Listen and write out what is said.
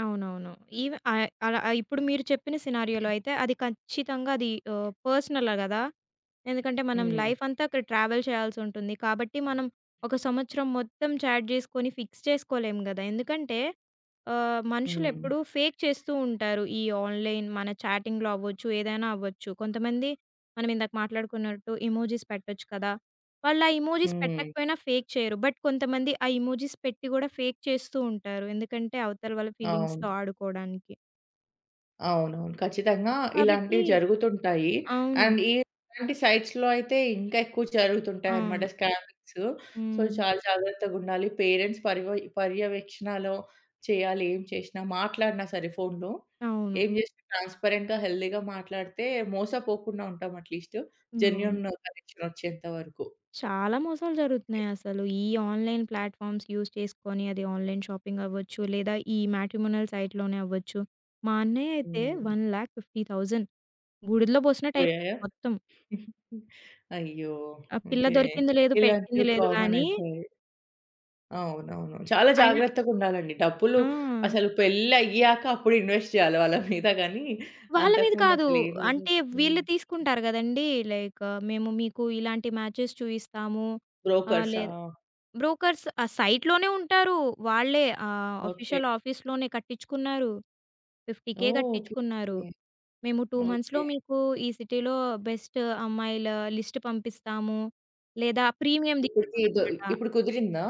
అవునవును. ఈవె ఆ అలా ఇప్పుడు మీరు చెప్పిన సినారియోలో అయితే అది ఖచ్చితంగా అది ఆహ్, పర్సనలా గదా! ఎందుకంటే మనం హ్మ్. లైఫ్ అంతా అక్కడ ట్రావెల్ చేయాల్సుంటుంది. కాబట్టి మనం ఒక సంవత్సరం మొత్తం చాట్ జేసుకొని ఫిక్స్ చేసుకోలేం గదా! ఎందుకంటే, ఆహ్, మనుషులు హ్మ్. ఎప్పుడూ ఫేక్ చేస్తూ ఉంటారు. ఈ ఆన్‌లైన్ మన చాటింగ్‌లో అవ్వచ్చు, ఏదైనా అవ్వచ్చు. కొంతమంది మనమిందాక మాట్లాడుకున్నట్టు ఇమోజిస్ పెట్టొచ్చు కదా! వాళ్ళు ఆ ఎమోజిస్ హ్మ్. పెట్టకపోయినా ఫేక్ చేయరు. బట్ కొంతమంది ఆ ఎమోజిస్ పెట్టి గూడా ఫేక్ చేస్తూ ఉంటారు. ఎందుకంటే అవతల వాళ్ళ ఫీలింగ్స్‌తొ అవును. ఆడుకోడానికి. అవునవును. ఖచ్చితంగా కాబట్టి ఇలాంటివి జరుగుతుంటాయి. అవును. అండ్ ఈ ఇలాంటి సైట్స్‌లో అయితే ఇంకా ఎక్కువ జరుగుతుంటాయన్నమాట అవును. స్కామింగ్సు. సో, హ్మ్. చాలా జాగ్రత్తగుండాలి. పేరెంట్స్ పర్ పర్యవేక్షణలో చేయాలి, ఏం చేసినా. మాట్లాడినా సరే ఫోన్‌లో. అవును. ఏం చేసినా ట్రాన్స్‌పరెంట్‌గా, హెల్తీగా మాట్లాడితే మోసపోకుండా ఉంటాం అట్‌లీస్ట్. హ్మ్. జెన్యూన్ అవును. కనెక్షన్ ఒచ్చేంత వరకు. చాలా మోసాలు ఓకే. జరుగుతున్నాయి అసలు, ఈ ఆన్‌లైన్ ప్లాట్‌ఫార్మ్స్ యూజ్ చేసుకొని, అది ఆన్‌లైన్ షాపింగ్ అవ్వచ్చు, లేదా ఈ మ్యాట్రిమోనియల్ సైట్‌లోనే అవ్వచ్చు. మా అన్నయ్య అయితే హ్మ్. 150000 బూడిదలో పోయాయా? పోసినట్టయిపోయింది మొత్తం. అయ్యో! ఆ పిల్ల ఓకే. దొరికింది లేదు, పెట్టింది ఇలాంటివి లేదు కామన్ గాని అయిపోయాయి. అవునవును. చాలా అయినా జాగ్రత్తగుండాలండి. డబ్బులు ఆ! అసల పెళ్లి అయ్యాక అప్పుడు ఇన్వెస్ట్ చేయాలి వాళ్ళ మీద గాని. వాళ్ళ అంతకు మీద ముందు కాదు. అసలు ఏమి అంటే ఇవ్వకూడదు. వీళ్ళు తీసుకుంటారు గదండీ! లైక్, మేము మీకు ఇలాంటి మ్యాచెస్ చూయిస్తాము, ఆహ్, బ్రోకర్సా! లేదా బ్రోకర్స్ ఆ సైట్‌లోనే ఉంటారు. వాళ్ళే ఆహ్, ఓకే. ఆఫీషియల్ ఆఫీస్‌లోనే కట్టిచ్చుకున్నారు. 50000 ఓహ్! ఓకే. కట్టిచ్చుకున్నారు. ఓకే. మేము 2 మంత్స్‌లో ఓకే. మీకు ఈ సిటీలో బెస్ట్ అమ్మాయిల లిస్ట్ పంపిస్తాము, లేదా ప్రీమియం ఇప్పటికీ ఇదో తీసుకోవాలన్నమాట. ఇప్పుడు కుదిరిందా?